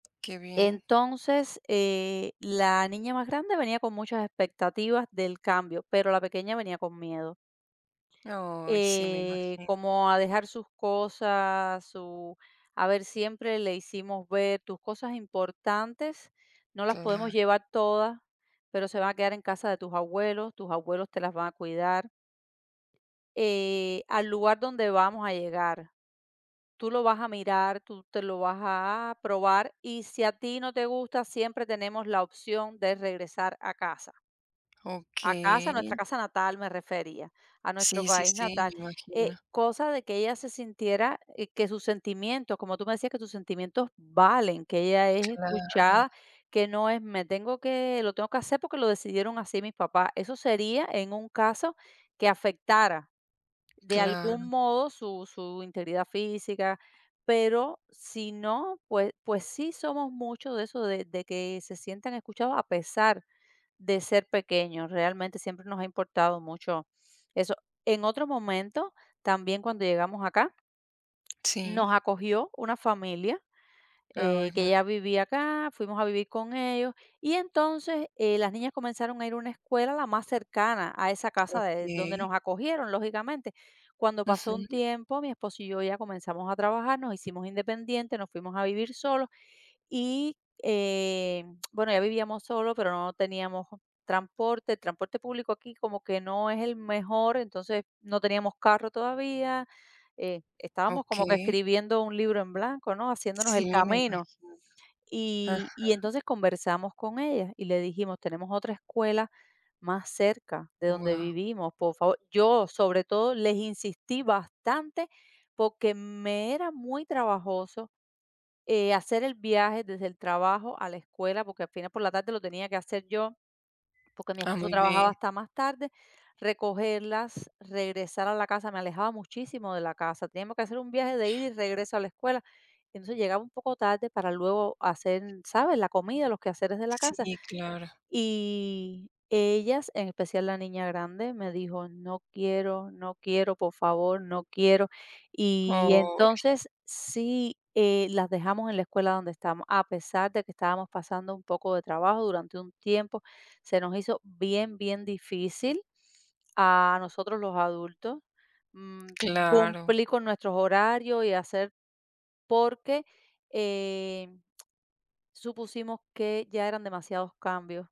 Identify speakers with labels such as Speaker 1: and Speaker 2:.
Speaker 1: Qué bien.
Speaker 2: Entonces, eh, la niña más grande venía con muchas expectativas del cambio, pero la pequeña venía con miedo.
Speaker 1: Oy, sí, me
Speaker 2: Eh,
Speaker 1: imagino.
Speaker 2: como a dejar sus cosas, su a ver, siempre le hicimos ver: "Tus cosas importantes, no las podemos
Speaker 1: Claro.
Speaker 2: llevar todas, pero se van a quedar en casa de tus abuelos, tus abuelos te las van a cuidar. Eh, al lugar donde vamos a llegar, tú lo vas a mirar, tú te lo vas a probar y si a ti no te gusta siempre tenemos la opción de regresar a casa". A casa, nuestra
Speaker 1: Okey.
Speaker 2: casa natal me refería, a nuestro
Speaker 1: Sí, sí,
Speaker 2: país
Speaker 1: sí, me
Speaker 2: natal, eh,
Speaker 1: imagino.
Speaker 2: cosa de que ella se sintiera que sus sentimientos como tú me decías: "Que tus sentimientos valen", que ella es
Speaker 1: Claro.
Speaker 2: escuchada, que no es: "Me tengo que lo tengo que hacer porque lo decidieron así mis papás". Eso sería en un caso que afectara de algún
Speaker 1: Claro.
Speaker 2: modo su su integridad física, pero si no, pues pues sí somos mucho de eso de de que se sienten escuchados a pesar de ser pequeños, realmente siempre nos ha importado mucho eso. En otro momento, también cuando llegamos acá, nos
Speaker 1: Sí.
Speaker 2: acogió una familia,
Speaker 1: Ay,
Speaker 2: eh, que
Speaker 1: muy bien.
Speaker 2: ya vivía acá, fuimos a vivir con ellos, y entonces, eh, las niñas comenzaron a ir una escuela, la más cercana a esa casa de donde
Speaker 1: Okey.
Speaker 2: nos acogieron, lógicamente. Cuando pasó un
Speaker 1: Ujú.
Speaker 2: tiempo, mi esposo y yo ya comenzamos a trabajar, nos hicimos independiente, nos fuimos a vivir solos, y, eh, bueno, ya vivíamos solos, pero no teníamos transporte, el transporte público aquí como que no es el mejor, entonces no teníamos carro todavía, eh, estábamos como que
Speaker 1: Okey.
Speaker 2: escribiendo un libro en blanco, ¿no?, haciéndonos
Speaker 1: Sí,
Speaker 2: el
Speaker 1: me
Speaker 2: camino.
Speaker 1: imagino. Ajá.
Speaker 2: Y y entonces conversamos con ella y le dijimos: "Tenemos otra escuela más cerca de donde
Speaker 1: Guau.
Speaker 2: vivimos, por favor", yo, sobre todo, les insistí bastante, porque me era muy trabajoso, eh, hacer el viaje desde el trabajo a la escuela, porque al final por la tarde lo tenía que hacer yo, porque mi
Speaker 1: Ah,
Speaker 2: esposo
Speaker 1: muy
Speaker 2: trabajaba
Speaker 1: bien.
Speaker 2: hasta más tarde, recogerlas, regresar a la casa, me alejaba muchísimo de la casa. Teníamos que hacer un viaje de ida y regreso a la escuela, entonces, llegaba un poco tarde para luego hacer, ¿sabes?, la comida, los quehaceres de la casa.
Speaker 1: Sí, claro.
Speaker 2: Y, ellas, en especial la niña grande, me dijo: "No quiero, no quiero, por favor, no quiero", y
Speaker 1: Oy.
Speaker 2: entonces Sí, eh, las dejamos en la escuela donde estamos a pesar de que estábamos pasando un poco de trabajo durante un tiempo, se nos hizo bien, bien difícil a nosotros, los adultos, mm,
Speaker 1: Claro.
Speaker 2: cumplir con nuestros horarios y hacer porque, eh, supusimos que ya eran demasiados cambios.